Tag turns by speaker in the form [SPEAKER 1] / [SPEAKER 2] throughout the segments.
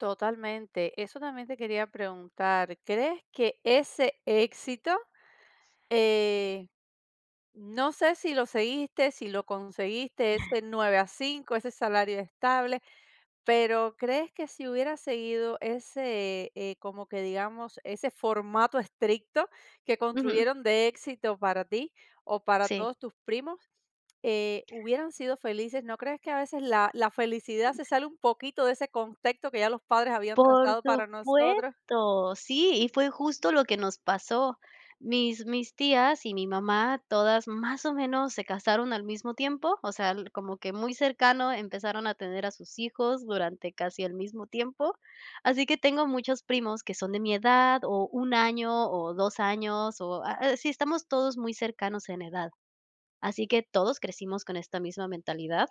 [SPEAKER 1] Totalmente, eso también te quería preguntar, crees que ese éxito, eh, no sé, si lo seguiste, si lo conseguiste, eso de 9 a 5, ese salario estable, pero, ¿crees que si hubieras seguido ese, eh, como que digamos, ese formato estricto que
[SPEAKER 2] Ujú.
[SPEAKER 1] construyeron de éxito para ti o para
[SPEAKER 2] Sí.
[SPEAKER 1] todos tus primos, eh, hubieran sido felices? ¿No crees que a veces la la felicidad se sale un poquito de ese contexto que ya los padres habían
[SPEAKER 2] Por
[SPEAKER 1] trazado para nosotros?
[SPEAKER 2] supuesto, sí, y fue justo lo que nos pasó. Mis mis tías y mi mamá, todas más o menos se casaron al mismo tiempo, o sea l como que muy cercano empezaron a tener a sus hijos durante casi el mismo tiempo, así que tengo muchos primos que son de mi edad o 1 año o 2 años, o a así estamos todos muy cercanos en edad, así que todos crecimos con esta misma mentalidad,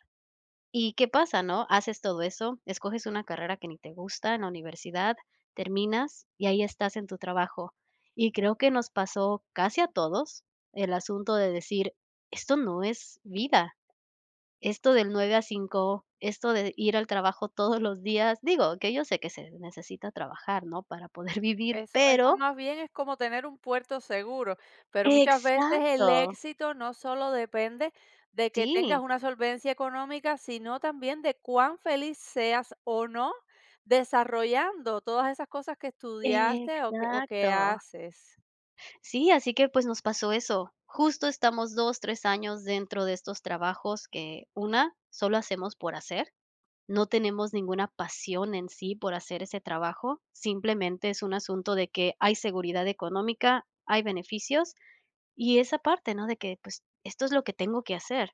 [SPEAKER 2] ¿y qué pasa? ¿No? Haces todo eso, escoges una carrera que ni te gusta en la universidad, terminas y ahí estás en tu trabajo, y creo que nos pasó casi a todos el asunto de decir esto no es vida, esto del 9 a 5, esto de ir al trabajo todos los días, digo, que yo sé que se necesita trabajar, ¿no?, para poder vivir,
[SPEAKER 1] Eso eso,
[SPEAKER 2] pero
[SPEAKER 1] más bien, es como tener un puerto seguro, pero muchas veces el
[SPEAKER 2] Exacto.
[SPEAKER 1] éxito no solo depende de que tengas
[SPEAKER 2] Sí.
[SPEAKER 1] una solvencia económica, sino también de cuán feliz seas o no desarrollando todas esas cosas que estudiaste o que o que
[SPEAKER 2] Exacto.
[SPEAKER 1] haces.
[SPEAKER 2] Sí, así que, pues, nos pasó eso, justo estamos 2, 3 años dentro de estos trabajos que, una, solo hacemos por hacer, no tenemos ninguna pasión en sí por hacer ese trabajo, simplemente es un asunto de que hay seguridad económica, hay beneficios, y esa parte, ¿no?, de que, pues, esto es lo que tengo que hacer.